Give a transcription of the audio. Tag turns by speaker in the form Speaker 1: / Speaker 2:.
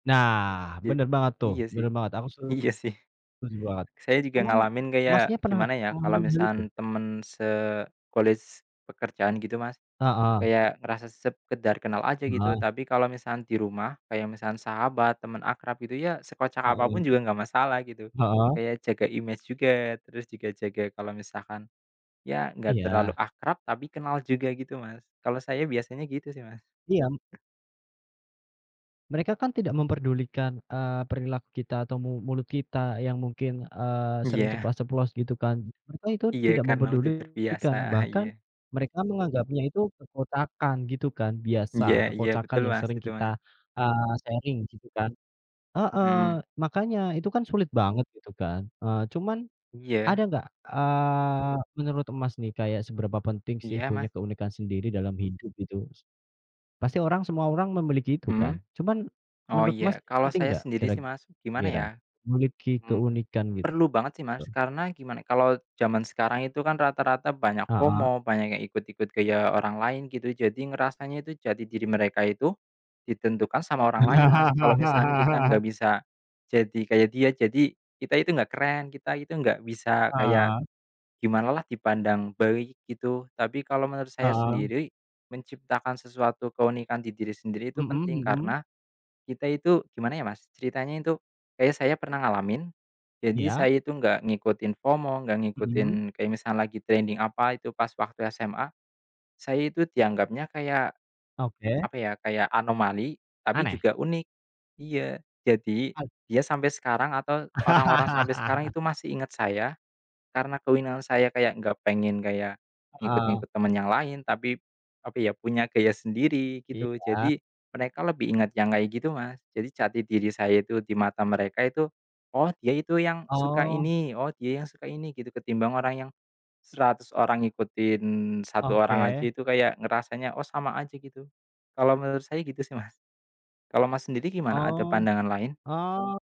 Speaker 1: Nah
Speaker 2: Ja
Speaker 1: benar banget tuh,
Speaker 2: iya sih.
Speaker 1: benar banget aku
Speaker 2: Iya
Speaker 1: setuju
Speaker 2: sih.
Speaker 1: banget.
Speaker 2: Saya juga
Speaker 1: Cuman
Speaker 2: ngalamin
Speaker 1: Masnya
Speaker 2: kayak
Speaker 1: pernah
Speaker 2: gimana ya kalau
Speaker 1: mengalami hal
Speaker 2: misal
Speaker 1: itu?
Speaker 2: teman se colleague pekerjaan gitu Mas,
Speaker 1: Heeh.
Speaker 2: kayak ngerasa sekedar kenal aja gitu.
Speaker 1: Heeh.
Speaker 2: Tapi kalau misal di rumah, kayak misal sahabat, teman akrab gitu ya sekocak
Speaker 1: Heeh.
Speaker 2: apapun juga nggak masalah gitu.
Speaker 1: Heeh.
Speaker 2: Kayak jaga image juga, terus juga jaga kalau misalkan, ya nggak terlalu
Speaker 1: Iya.
Speaker 2: akrab, tapi kenal juga gitu Mas. Kalau saya biasanya gitu sih Mas.
Speaker 1: Iya. Mereka kan tidak memperdulikan, eee, perilaku kita atau mu mulut kita yang mungkin, eee, sering
Speaker 2: Iya.
Speaker 1: ceplas-ceplos gitu kan. Mereka itu
Speaker 2: Iya
Speaker 1: tidak
Speaker 2: karena udah terbiasa.
Speaker 1: memperdulikan, bahkan
Speaker 2: Iya.
Speaker 1: mereka menganggapnya itu kekocakan gitu kan.
Speaker 2: Iya
Speaker 1: Biasa,
Speaker 2: iya
Speaker 1: kekocakan
Speaker 2: betul
Speaker 1: yang
Speaker 2: Mas,
Speaker 1: sering
Speaker 2: itu
Speaker 1: kita,
Speaker 2: Mas.
Speaker 1: eee, sharing gitu kan. Heeh,
Speaker 2: Mhm.
Speaker 1: makanya itu kan sulit banget gitu kan. Eee, cuman ada
Speaker 2: Iya.
Speaker 1: gak, eee, menurut Mas nih kayak seberapa penting sih
Speaker 2: Iya
Speaker 1: punya
Speaker 2: Mas.
Speaker 1: keunikan sendiri dalam hidup gitu, Mas? Pasti orang semua orang memiliki itu kan.
Speaker 2: Mhm?
Speaker 1: Cuman
Speaker 2: Oh
Speaker 1: menurut Mas
Speaker 2: iya, kalau
Speaker 1: penting
Speaker 2: saya
Speaker 1: gak
Speaker 2: sendiri sih Mas gimana ya,
Speaker 1: kira-kira memiliki
Speaker 2: hmm,
Speaker 1: keunikan gitu?
Speaker 2: perlu banget sih Mas karena gimana kalau zaman sekarang itu kan rata-rata banyak
Speaker 1: Heeh.
Speaker 2: FOMO banyak yang ikut-ikut gaya orang lain gitu, jadi ngerasanya itu jati diri mereka itu ditentukan sama orang lain Mas. Kalau misalkan kita nggak bisa jadi kayak dia, jadi kita itu nggak keren, kita itu nggak bisa kayak
Speaker 1: Heeh.
Speaker 2: gimana lah, dipandang baik gitu. Tapi kalau menurut saya
Speaker 1: Heeh.
Speaker 2: sendiri, menciptakan sesuatu keunikan di diri sendiri itu
Speaker 1: Mhm
Speaker 2: penting
Speaker 1: mhm.
Speaker 2: karena, kita itu gimana ya Mas, ceritanya itu kayak saya pernah ngalamin. Jadi,
Speaker 1: Iya.
Speaker 2: saya itu nggak ngikutin FOMO, nggak ngikutin
Speaker 1: Mhm.
Speaker 2: kayak misal lagi trending apa itu pas waktu SMA. Saya itu dianggapnya kayak,
Speaker 1: Oke.
Speaker 2: apa ya, kayak anomali, tapi
Speaker 1: Aneh?
Speaker 2: juga unik. Iya. Jadi,
Speaker 1: A
Speaker 2: dia sampai sekarang atau orang-orang sampai sekarang itu masih ingat saya, karena keunikan saya kayak nggak pengen kayak
Speaker 1: Heeh.
Speaker 2: ngikut-ngikut teman yang lain, tapi tapi ya punya gaya sendiri, gitu.
Speaker 1: Iya.
Speaker 2: Jadi, mereka lebih ingat yang kayak gitu Mas. Jadi, jati diri saya itu di mata mereka itu, oh dia itu yang suka
Speaker 1: Oh.
Speaker 2: ini, oh dia yang suka ini gitu. Ketimbang orang yang 100 orang ngikutin 1 orang aja
Speaker 1: Oke.
Speaker 2: itu kayak ngerasanya, oh sama aja gitu. Kalau menurut saya gitu sih Mas. Kalau Mas sendiri gimana ada
Speaker 1: Oh,
Speaker 2: pandangan lain?
Speaker 1: oh.